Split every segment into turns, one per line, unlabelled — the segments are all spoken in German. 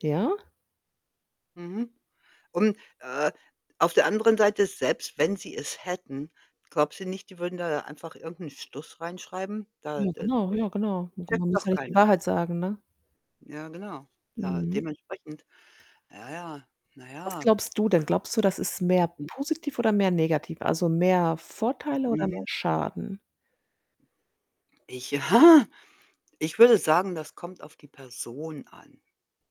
Ja?
Mhm, und, äh, auf der anderen Seite, selbst wenn sie es hätten, glaubst du nicht, die würden da einfach irgend 'n Stuss reinschreiben? Da
Ja,
d
genau,
das
ja, genau.
checkt
[unintelligible] Man muss ja
doch
nicht die
keiner.
Wahrheit sagen, ne?
Ja, genau. Ja,
Mhm.
dementsprechend, ja, ja, na
Was
ja.
glaubst du denn? Glaubst du, das ist mehr
Mhm.
positiv oder mehr negativ, also, mehr Vorteile oder mehr
Mhm.
Schaden?
Ich ja, ich würde sagen, das kommt auf die Person an.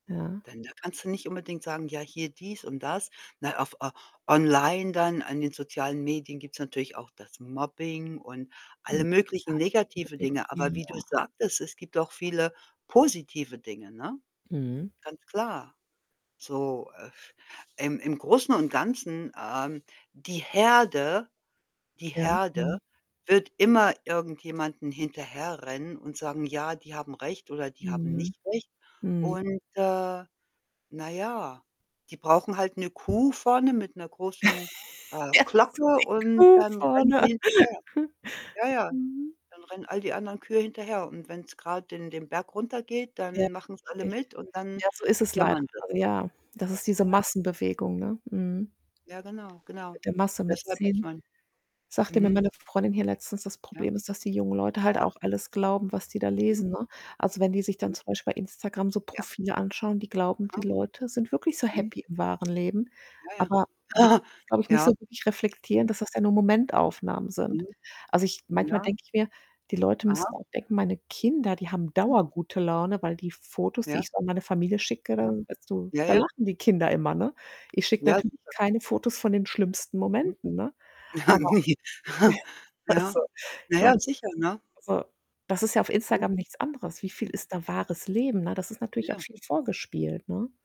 Ja.
Denn da kannst du nicht unbedingt sagen, ja, hier dies und das. Na, auf au online dann an den sozialen Medien gibt's natürlich auch das Mobbing und
Hm.
alle möglichen negative Dinge. Aber wie du
[unintelligible]
sagtest, es gibt auch viele positive Dinge, ne?
Mhm.
Ganz klar. So, äh, im im Großen und Ganzen, ähm, die Herde die
Ja.
Herde
Mhm.
wird immer irgendjemanden hinterherrennen und sagen: „Ja, die haben recht oder die haben
Mhm.
nicht recht.“
Mhm.
Und, äh, na ja, die brauchen halt 'ne Kuh vorne mit 'ner großen, äh,
Ja
Glocke
so
und
'ne Kuh
dann rennen
vorne.
die hinterher. Ja, ja.
Mhm.
Dann rennen all die anderen Kühe hinterher und wenn's grad den den Berg runtergeht,
Ja,
dann machen's alle
richtig.
mit und dann
Ja, so ist es leider,
jammern sie.
also, ja, das ist diese
Ja.
Massenbewegung, ne? Mhm.
Ja, genau, genau.
Mit der Masse
Deshalb muss
mitziehen.
man
Sagte mir
mhm.
meine Freundin hier letztens, das
Ja.
Problem ist, dass die jungen Leute halt
Ja.
auch alles glauben, was die da
Mhm.
lesen, ne? Also, wenn die sich dann
[unintelligible]
zum Beispiel bei Instagram so
Ja.
Profile anschauen, die glauben, die
Aha.
Leute sind wirklich so
Mhm.
happy im wahren Leben,
Ja,
aber
ja.
die können's, glaube ich, nicht so
Ja.
wirklich reflektieren,
[unintelligible]
dass das ja nur Momentaufnahmen sind.
Mhm.
Also, ich manchmal
Ja.
denke ich mir, die Leute
Aha.
müssen auch denken, meine Kinder, die haben
[unintelligible]
dauergute Laune, weil die Fotos, die
Ja.
ich so an meine Familie schicke,
Aha.
da so
Ja,
da
ja.
lachen die Kinder immer, ne? Ich schicke
Ja,
natürlich
sicher.
keine Fotos von den schlimmsten
Mhm
Momenten, ne? Aber
Ja.
also,
Na
ich meine
ja,
[unintelligible]
sicher, ne?
also, das ist ja auf
Mhm,
Instagram nichts anderes. Wie viel
hm.
ist da wahres Leben, ne? Das ist natürlich auch
Ja.
viel vorgespielt, ne?